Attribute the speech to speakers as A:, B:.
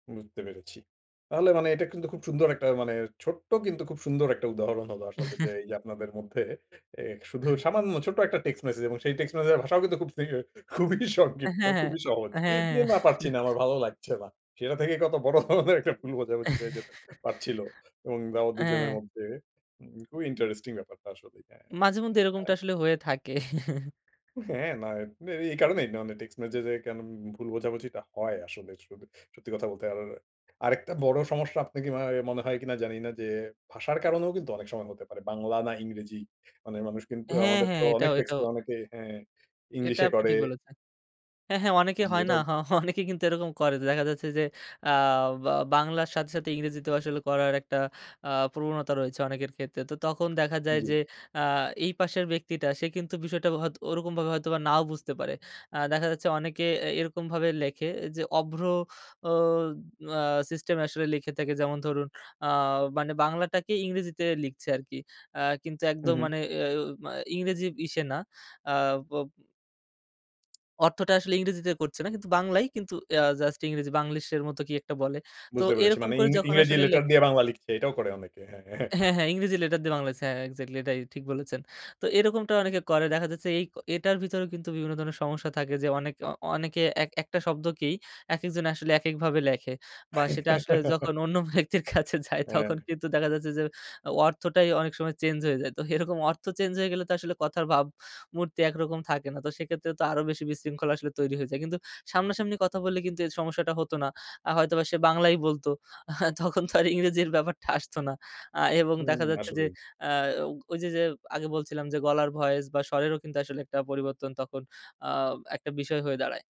A: বুঝতে পেরেছি। তাহলে মানে এটা কিন্তু খুব সুন্দর একটা মানে ছোট্ট কিন্তু খুব সুন্দর একটা উদাহরণ হলো। আসলে যে এই যে আপনাদের মধ্যে শুধু সামান্য ছোট্ট একটা টেক্সট মেসেজ এবং সেই টেক্সট মেসেজের ভাষাও কিন্তু খুবই
B: হ্যাঁ,
A: সংক্ষিপ্ত
B: হ্যাঁ,
A: খুবই সহজ।
B: হ্যাঁ,
A: যে
B: হ্যাঁ।
A: না পারছি না আমার ভালো লাগছে না। সেটা থেকে কত বড় ধরনের একটা ভুল বোঝাবুঝি হয়ে যেতে পারছিল এবং অ
B: হ্যাঁ।
A: দুজনের মধ্যে খুবই ইন্টারেস্টিং ব্যাপারটা আসলেই
B: মাঝে মধ্যে এরকমটা
A: আ
B: আসলে হয়ে থাকে।
A: হ্যাঁ না এই কারণেই টেক্সট মেসেজ এ কেন ভুল বোঝাবুঝি হয় আসলে। স সত্যি কথা বলতে। আর আরেকটা বড় সমস্যা আপনি কি হয় মনে হয় কিনা জানি না যে ভাষার কারণেও কিন্তু অনেক সময় হতে পারে। বাংলা না ইংরেজি মানে মানুষ কিন্তু
B: হ্যাঁ,
A: আমাদের
B: হ্যাঁ
A: তো
B: এটাও,
A: অনেক
B: এটাও।
A: টেক্সটগুল অনেকে আ
B: এটা
A: ইংলিশে
B: আপনি
A: করে।
B: ঠিক বলেছেন। হ্যাঁ, হ্যাঁ অনেকে
A: জি
B: হয় না?
A: এটাও।
B: অনেকে কিন্তু এরকম করে দেখা যাচ্ছে যে। অ্যা বাংলার সাথে সাথে ইংরেজিতে আসলে করার একটা অ্যা প্রবণতা রয়েছে অনেকের ক্ষেত্রে তো তখন দেখা যায়
A: জ্বী।
B: যে আ এই পাশের ব্যক্তিটা সে কিন্তু বিষয়টা হয়তো ওরকমভাবে হয়তো বা নাও বুঝতে পারে দেখা যাচ্ছে অনেকে এরকমভাবে লেখে যে অভ্র আ সিস্টেম আসলে লিখে থাকে যেমন ধরুন আ মানে বাংলাটাকে ইংরেজিতে লিখছে আর কি কিন্তু
A: হু
B: একদম
A: হু।
B: মানে আ ইংরেজি ইসে না। অর্থটা আসলে ইংরেজিতে করছে না কিন্তু বাংলায় কিন্তু আ জাস্ট ইংরেজি বাংলিশ এর মতো কি একটা বলে। তো
A: বুঝতে পেরেছি
B: এরকম
A: মানে
B: করে
A: ইং
B: যখন
A: ইংরেজি
B: আসলে লেখ
A: লেটার দিয়ে বাংলা লিখছে। এটাও করে অনেকে। হ্যাঁ, হ্যাঁ।
B: হ্যাঁ, হ্যাঁ ইংরেজি লেটার দিয়ে বাংলা আছে। হ্যাঁ এক্সাক্টলি এটাই ঠিক বলেছেন। তো এরকমটা অনেকে করে। দেখা যাচ্ছে এই এটার ভিতরেও কিন্তু বিভিন্ন ধরনের সমস্যা থাকে যে অনেকে, অনেকে একটা শব্দকেই একেকজন আসলে একেকভাবে লেখে বা সেটা আসলে যখন অন্য ব্যক্তির কাছে যায়
A: হ্যাঁ।
B: তখন কিন্তু দেখা যাচ্ছে যে অর্থটাই অনেক সময় চেঞ্জ হয়ে যায়। তো এরকম অর্থ চেঞ্জ হয়ে গেলে তো আসলে কথার ভাবমূর্তি একরকম থাকে। তো সেক্ষেত্রে তো আরো বেশি বিশৃঙ্খলা আসলে তৈরি হয়ে যায়। কিন্তু সামনাসামনি কথা বললে কিন্তু এই সমস্যাটা হত না। আ হয়তোবা সে বাংলাই বলতো। তখন তো আর ইংরেজির ব্যাপারটা আসতো না আ এবং
A: হু,
B: দেখা যাচ্ছে যে
A: আসলেই।
B: আ ওই যে, যে আগে বলছিলাম যে গলার ভয়েস বা স্বরেরও কিন্তু আসলে একটা পরিবর্তন তখন আ একটা বিষয় হয়ে দাঁড়ায়।